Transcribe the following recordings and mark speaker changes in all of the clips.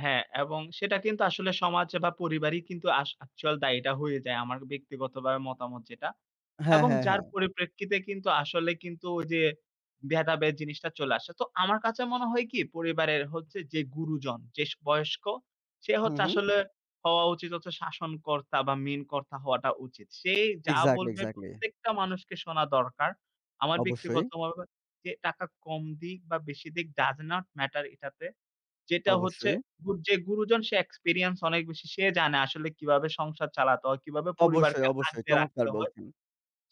Speaker 1: হ্যাঁ এবং সেটা কিন্তু আসলে সমাজ বা পরিবারই কিন্তু আস এ্যাকচুয়াল দায়িটা হয়ে যায়। আমার ব্যক্তিগতভাবে মতামত যেটা।
Speaker 2: হ্যাঁ,
Speaker 1: এবং
Speaker 2: হ্যাঁ,
Speaker 1: যার
Speaker 2: হ্যাঁ।
Speaker 1: পরিপ্রেক্ষিতে কিন্তু আসলে কিন্তু ওই যে ভেদাভেদ জিনিসটা চলে আসে। তো আমার কাছে মনে হয় কি, পরিবারের হচ্ছে যে গুরুজন, যে স বয়স্ক সে
Speaker 2: হুম,
Speaker 1: হচ্ছে
Speaker 2: হুম।
Speaker 1: আসলে হওয়া উচিত হচ্ছে শাসনকর্তা বা মেইন কর্তা হওয়াটা উচিত। সেই যা
Speaker 2: একজ্যাক্টলি,
Speaker 1: বলবে
Speaker 2: একজ্যাক্টলি।
Speaker 1: প্রত্যেকটা মানুষকে শোনা দরকার। আমার
Speaker 2: অবশ্যই।
Speaker 1: ব্যক্তিগতভাবে যে টাকা কম দিক বা বেশি দিক ডাজ নট ম্যাটার এটাতে। যেটা হচ্ছে,
Speaker 2: অবশ্যই।
Speaker 1: গউ যে গুরুজন সে এক্সপিরিয়েন্স অনেক বেশি। সে জানে আসলে কিভাবে সংসার চালাতে হয়, কিভাবে
Speaker 2: অবশ্যই,
Speaker 1: পরিবারকে
Speaker 2: অবশ্যই।
Speaker 1: আঁকড়ে
Speaker 2: চমৎকার
Speaker 1: রাখতে
Speaker 2: করে
Speaker 1: হয়।
Speaker 2: বলছেন।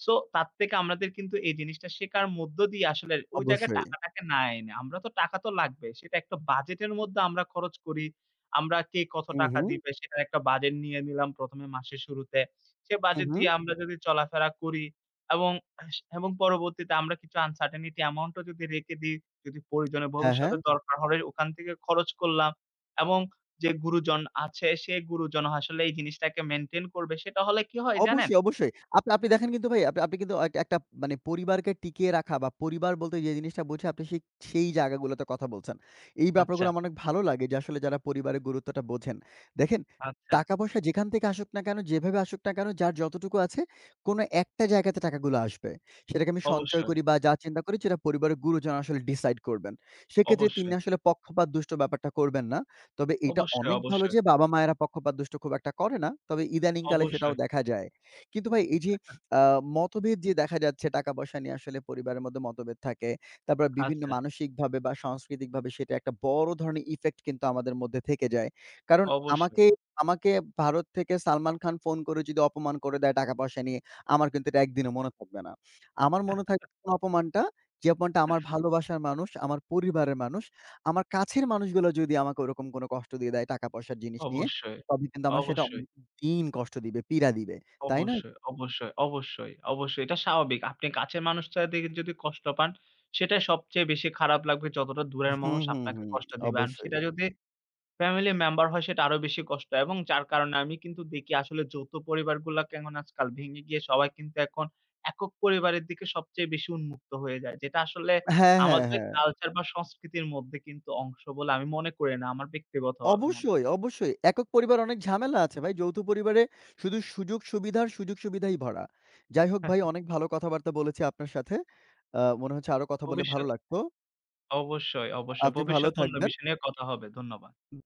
Speaker 1: সো তার থেকে আমাদের কিন্তু এই জিনিসটা শেখার মধ্য দিয়েই আসলে ওই জায়গায়
Speaker 2: অবশ্যই।
Speaker 1: টাকা টাকে না এনে। আমরা তো টাকা তো লাগবেই। সেটা একটা বাজেট এর মধ্যে আমরা খরচ করি। আমরা কে কত
Speaker 2: হু,
Speaker 1: টাকা
Speaker 2: হু।
Speaker 1: দিবে সেটার একটা বাজেট নিয়ে নিলাম ১ম এ মাসের শুরুতে। সে
Speaker 2: উ
Speaker 1: বাজেট দিয়ে
Speaker 2: হু।
Speaker 1: আমরা যদি চলাফেরা করি এবং স এবং পরবর্তীতে আমরা কিছু uncertainty এ্যামাউন্টও যদি রেখে দিই, যদি প্রয়োজনে
Speaker 2: হ্যাঁ, হ্যাঁ।
Speaker 1: ভবিষ্যতে দরকার হয় ওখান থেকে খরচ করলাম এবং যে গুরুজন আছে সে গুরুজন আসলে এই জিনিসটাকে মেইনটেইন করবে সেটা হলে কি হয় জানেন?
Speaker 2: অবশ্যই, অবশ্যই। আপনি আপনি দেখেন কিন্তু ভাই আপনি আপনি কিন্তু একটা একটা মানে পরিবারকে টিকিয়ে রাখা বা পরিবার বলতে যে জিনিসটা বুঝি আপনি সেই, সেই জায়গাগুলোতে কথা বলছেন। এই
Speaker 1: আচ্ছা।
Speaker 2: ব্যাপারগুলা আমার অনেক ভালো লাগে যে আসলে যারা পরিবারের গুরুত্বটা বোঝেন। দেখেন
Speaker 1: আচ্ছা।
Speaker 2: টাকা-পয়সা যেখান থেকে আসুক না কেনো, যেভাবে আসুক না কেনো যার যতটুকু আছে কোনো একটা জায়গাতে টাকাগুলা আসবে। সেটাকে আমি সঞ্চয়
Speaker 1: অবশ্যই।
Speaker 2: করি বা যা চিন্তা করি সেটা পরিবারের গুরুজন আসলে ডিসাইড করবেন। সেক্ষেত্রে তিনি
Speaker 1: অবশ্যই।
Speaker 2: আসলে পক্ষপাতদুষ্ট ব্যাপারটা করবেন না। তবে এইটা
Speaker 1: অবশ্যই,
Speaker 2: অনেক ভালো
Speaker 1: অবশ্যই।
Speaker 2: যে বাবা-মায়েরা পক্ষপাতদুষ্ট খুব একটা করে না। তবে ইদানিংকালে সেটাও
Speaker 1: অবশ্যই।
Speaker 2: দেখা যায়। কিন্তু ভাই এই যে
Speaker 1: [unintelligible]
Speaker 2: আ মতভেদ যে দেখা যাচ্ছে টাকা-পয়সা নিয়ে আসলে পরিবারের মধ্যে মতভেদ থাকে। তারপর বিভিন্ন
Speaker 1: আচ্ছা।
Speaker 2: মানসিকভাবে বা সাংস্কৃতিকভাবে সেটা একটা বড় ধরনের ইফেক্ট কিন্তু আমাদের মধ্যে থেকে যায়। কারণ
Speaker 1: অবশ্যই।
Speaker 2: আমাকে আমাকে ভারত থেকে সালমান খান ফোন করে যদি অপমান করে দেয় টাকা-পয়সা নিয়ে আমার কিন্তু এটা ১ দিনও মনে থাকবে না। আমার মনে থাকবে অপমানটা যে অপমানটা আমার ভালোবাসার মানুষ, আমার পরিবারের মানুষ, আমার কাছের মানুষগুলা যদি আমাকে ওরকম কোনো কষ্ট দিয়ে দেয় টাকা পয়সার জিনিস নিয়ে
Speaker 1: অবশ্যই,
Speaker 2: তবে কিন্তু আমার সেটা
Speaker 1: অবশ্যই।
Speaker 2: অনেক দিন কষ্ট দিবে, পীড়া দিবে। তাই নয়?
Speaker 1: অবশ্যই, অবশ্যই, অবশ্যই, অবশ্যই এটা স্বাভাবিক। আপনি কাছের মানুষটার [unintelligible] যদি কষ্ট পান সেটা সবচেয়ে বেশি খারাপ লাগবে যতটা দূরের
Speaker 2: হুম,
Speaker 1: মানুষ
Speaker 2: হুম,
Speaker 1: আপনাকে
Speaker 2: হুম,
Speaker 1: কষ্ট দিবেন। আর
Speaker 2: অবশ্যই।
Speaker 1: সেটা যদি ফ্যামিলি মেম্বার হয় সেটা আরও বেশি কষ্ট এবং যার কারণে আমি কিন্তু দেখি আসলে যৌথ পরিবারগুলাকে এখন আজকাল ভেঙে গিয়ে সবাই কিন্তু এখন একক-পরিবারের দিকে সবচেয়ে বেশি উন্মুক্ত হয়ে যায়। যেটা আসলে
Speaker 2: হ্যাঁ, হ্যাঁ,
Speaker 1: আমাদের
Speaker 2: হ্যাঁ।
Speaker 1: কালচার বা সংস্কৃতির মধ্যে কিন্তু অংশ বলে আমি মনে করি না, আমার ব্যক্তিগতভাবে মন
Speaker 2: অবশ্যই, অবশ্যই। একক-পরিবার অনেক ঝামেলা আছে ভাই। যৌথ পরিবারে শুধু সুযোগ-সুবিধার, সুযোগ-সুবিধাই ভরা। যাই হোক ভাই অনেক ভালো কথাবার্তা বলেছি আপনার সাথে। আ মনে হচ্ছে আরও কথা বললে ভালো
Speaker 1: ভবিষ্যৎ।
Speaker 2: লাগতো।
Speaker 1: অবশ্যই, অবশ্যই।
Speaker 2: আপনি ভালো
Speaker 1: ভবিষ্যতে অন্য
Speaker 2: থাকবেন।
Speaker 1: বিষয় নিয়ে কথা হবে। ধন্যবাদ।